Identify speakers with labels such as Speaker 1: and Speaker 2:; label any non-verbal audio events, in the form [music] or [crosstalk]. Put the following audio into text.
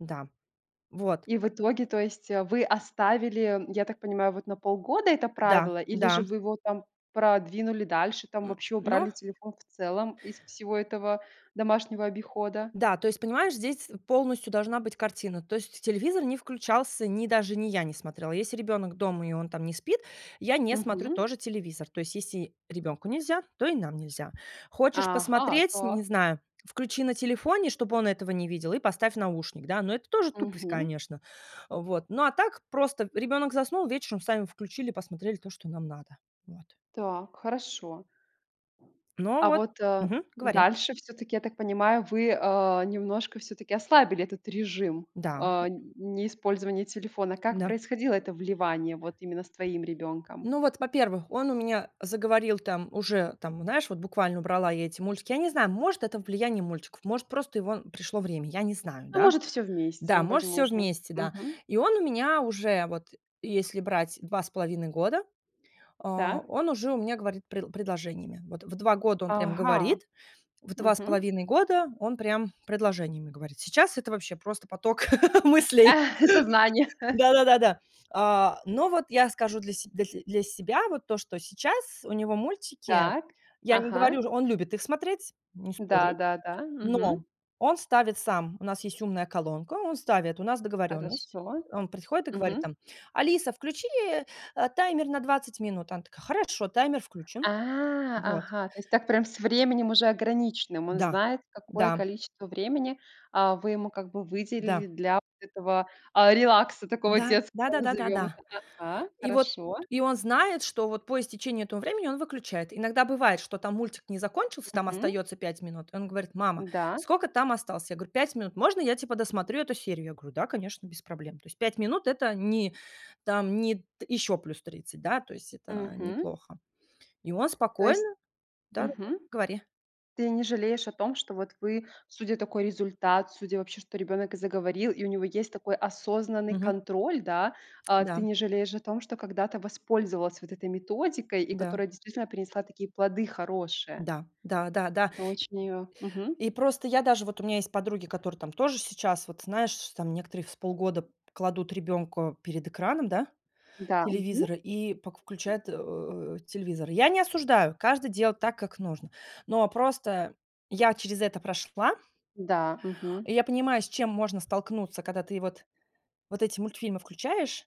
Speaker 1: Да, вот.
Speaker 2: И в
Speaker 1: Р
Speaker 2: итоге, то есть, вы оставили, я так понимаю, вот на полгода это
Speaker 1: Да
Speaker 2: правило, или же
Speaker 1: да.
Speaker 2: вы его, там, продвинули дальше, там
Speaker 1: М,
Speaker 2: вообще
Speaker 1: но
Speaker 2: убрали телефон в целом из всего этого домашнего обихода?
Speaker 1: Да, то есть, понимаешь, здесь полностью должна быть картина. То есть телевизор не включался, ни даже ни я не смотрела. Если ребенок дома, и он, там, не спит, я не смотрю
Speaker 2: Мгм.
Speaker 1: тоже телевизор. То есть если ребенку нельзя, то и нам нельзя. Хочешь
Speaker 2: Ага,
Speaker 1: посмотреть, не
Speaker 2: так.
Speaker 1: знаю, включи на телефоне, чтобы он этого не видел, и поставь наушник, да. Ну, это тоже тупость,
Speaker 2: Мгм.
Speaker 1: конечно, вот. Ну, а так, просто ребенок заснул, вечером сами включили, посмотрели то, что нам надо. Вот.
Speaker 2: Так, хорошо.
Speaker 1: Ну
Speaker 2: А
Speaker 1: вот
Speaker 2: вот, э,
Speaker 1: Мгм, говори.
Speaker 2: дальше, всё-таки, я так понимаю, вы, э, немножко всё-таки ослабили этот режим, э,
Speaker 1: Да, к
Speaker 2: н неиспользования телефона. Как
Speaker 1: Да.
Speaker 2: происходило это вливание, вот, именно с твоим ребёнком?
Speaker 1: Ну, вот, во-первых, он у меня заговорил, там, уже, там, знаешь, вот буквально убрала я эти мультики. Я не знаю, может это влияние мультиков, может, просто его пришло время, я не знаю,
Speaker 2: А
Speaker 1: да.
Speaker 2: может, всё вместе,
Speaker 1: Да, может, всё
Speaker 2: возможно.
Speaker 1: вместе, да.
Speaker 2: Мгм.
Speaker 1: И он у меня уже, вот если брать 2,5 года, э,
Speaker 2: Так.
Speaker 1: он уже у меня говорит пред предложениями. Вот в 2 года он прям
Speaker 2: Ага.
Speaker 1: говорит, в два с
Speaker 2: Мгм.
Speaker 1: половиной года он прям предложениями говорит. Сейчас это вообще просто поток [laughs] мыслей.
Speaker 2: [chuckles] Сознание. [chuckles]
Speaker 1: Да да да да. Э, но вот я скажу для се для те для себя, вот, то, что сейчас у него мультики
Speaker 2: Так.
Speaker 1: Я не
Speaker 2: Ага.
Speaker 1: говорю, он любит их смотреть, не
Speaker 2: Да
Speaker 1: спорю.
Speaker 2: да да. Мгм.
Speaker 1: Но, он ставит сам. У нас есть умная колонка. Он ставит, у нас договоренность.
Speaker 2: Хорошо,
Speaker 1: Он приходит и говорит,
Speaker 2: мгм.
Speaker 1: там: "Алиса, включи, э, таймер на 20 минут". Она такая: "Хорошо, таймер включен".
Speaker 2: А,
Speaker 1: Вот.
Speaker 2: ага! То есть так прям с временем уже ограниченным. Он
Speaker 1: Да,
Speaker 2: знает, какое
Speaker 1: да.
Speaker 2: количество времени, э, вы ему, как бы,
Speaker 1: Да.
Speaker 2: выделили для вот этого, а, релакса, такого
Speaker 1: Да. Да да
Speaker 2: детского,
Speaker 1: да да
Speaker 2: назовем
Speaker 1: да.
Speaker 2: это Ага.
Speaker 1: И вот,
Speaker 2: Хорошо.
Speaker 1: и он знает, что, вот, по истечении этого времени он выключает. Иногда бывает, что, там, мультик не закончился, там
Speaker 2: Мгм.
Speaker 1: остается 5 минут. И он говорит: "Мама,
Speaker 2: Да.
Speaker 1: сколько там осталось?" Я говор: "5 минут". Можно я, типа, досмотрю эту серию? Я говорю: "Да, конечно, без проблем". То есть 5 минут это не, там не т ещё плюс 30, да, то есть это
Speaker 2: Мгм.
Speaker 1: неплохо. И он
Speaker 2: То есть
Speaker 1: спокойно Да,
Speaker 2: Мгм.
Speaker 1: говори.
Speaker 2: Ты не жалеешь о том, что вот вы, судя такой результат, судя вообще что ребенок и заговорил, и у него есть такой осознанный
Speaker 1: Мгм.
Speaker 2: контроль, да. Э, ты
Speaker 1: Да.
Speaker 2: не жалеешь о том, что когда-то воспользовалась вот этой методикой, и
Speaker 1: Да.
Speaker 2: которая действительно принесла такие плоды хорошие?
Speaker 1: Да. Да, да, да.
Speaker 2: Ты очень её, мгм.
Speaker 1: И просто я даже вот у меня есть подруги, которые там тоже сейчас, вот знаешь, там, некоторые в с полгода кладут ребенка перед экраном, да,
Speaker 2: Да, мгм.
Speaker 1: телевизора, и пок включают, э, телевизор. Я не осуждаю, каждый делает так, как нужно. Но просто я через это прошла
Speaker 2: Да, мгм.
Speaker 1: и я понимаю, с чем можно столкнуться, когда ты вот вот эти мультфильмы включаешь.